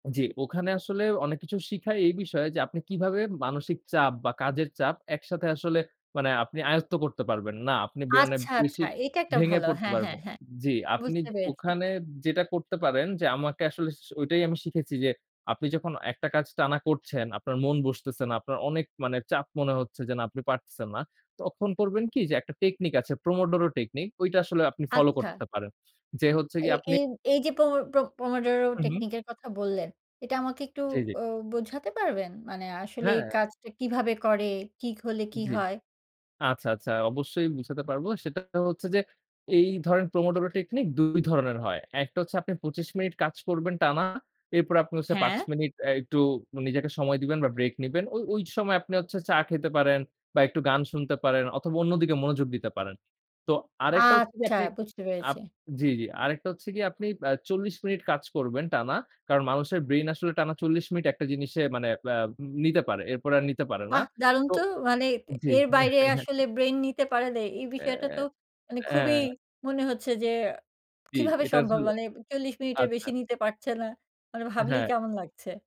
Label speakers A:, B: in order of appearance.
A: জি, ওখানে আসলে অনেক কিছু শিখায় এই বিষয় যে আপনি কিভাবে মানসিক চাপ বা কাজের চাপ একসাথে আসলে মানে আপনি আয়ত্ত করতে পারবেন। না আপনি বেরনে
B: আচ্ছা, আচ্ছা।
A: বেশি
B: এইটা একটা
A: ভেঙে
B: ভালো।
A: পড়তে
B: হ্যাঁ, হ্যাঁ,
A: পারবেন।
B: হ্যাঁ।
A: জি, আপনি
B: বুঝতে পেরেছি।
A: ওখানে যেটা করতে পারেন যে আমাকে আসলে স ঐটাই আমি শিখেছি যে আপনি যখন একটা কাজ টানা করছেন, আপনার মন বসতেছে না, আপনার অনেক মানে চাপ মনে হচ্ছে যে না আপনি পারতেছেন না। তখন করবেন কি যে একটা টেকনিক আছে। Pomodoro Technique ঐটা আসলে আপনি ফলো
B: আচ্ছা।
A: করতে পারেন। যে হচ্ছে
B: এই
A: গিয়ে আপনি
B: এই এই যে প্রম Pomodoro
A: হুম, হুম।
B: Technique এর কথা বললেন, এটা আমাকে একটু
A: জি, জি।
B: অ বোঝাতে পারবেন? মানে আসলে
A: হ্যাঁ।
B: এই কাজটা কিভাবে করে? কি হলে কি
A: জি।
B: হয়?
A: আচ্ছা, আচ্ছা অবশ্যই বুঝাতে পারব। সেটা হচ্ছে যে এই ধরেন Pomodoro Technique ২ ধরনের হয়। একটা হচ্ছে আপনি ২৫ মিনিট কাজ করবেন টানা। এরপরে আপনি হচ্ছে ৫
B: হ্যাঁ।
A: মিনিট এ একটু নিজেকে সময় দিবেন বা ব্রেক নিবেন। ও ওই সময় আপনি হচ্ছে চা খেতে পারেন বা একটু গান শুনতে পারেন অথবা অন্যদিকে মনোযোগ দিতে পারেন। তো আরেকটা হচ্ছে যে
B: আচ্ছা,
A: আপনি
B: বুঝতে
A: আপ
B: পেরেছি।
A: জি, জি আরেকটা হচ্ছে গিয়ে আপনি আ ৪০ মিনিট কাজ করবেন টানা। কারণ মানুষের ব্রেইন আসলে টানা ৪০ মিনিট একটা জিনিসে মানে আ আব নিতে পারে। এরপরে আর নিতে পারে না।
B: বাহ! দারুণ
A: তো
B: তো। মানে
A: জি।
B: এর বাইরে আসলে ব্রেইন নিতে পারে নাই। এই বিষয়টা
A: অ্যা
B: তো মানে খুবই
A: হ্যাঁ।
B: মনে হচ্ছে যে
A: জি,
B: কিভাবে
A: এটা
B: সম্ভব
A: আসলে
B: মানে ৪০ মিনিটের
A: আচ্ছা।
B: বেশি নিতে পারছে না। মানে ভাবলেই
A: হ্যাঁ।
B: কেমন লাগছে।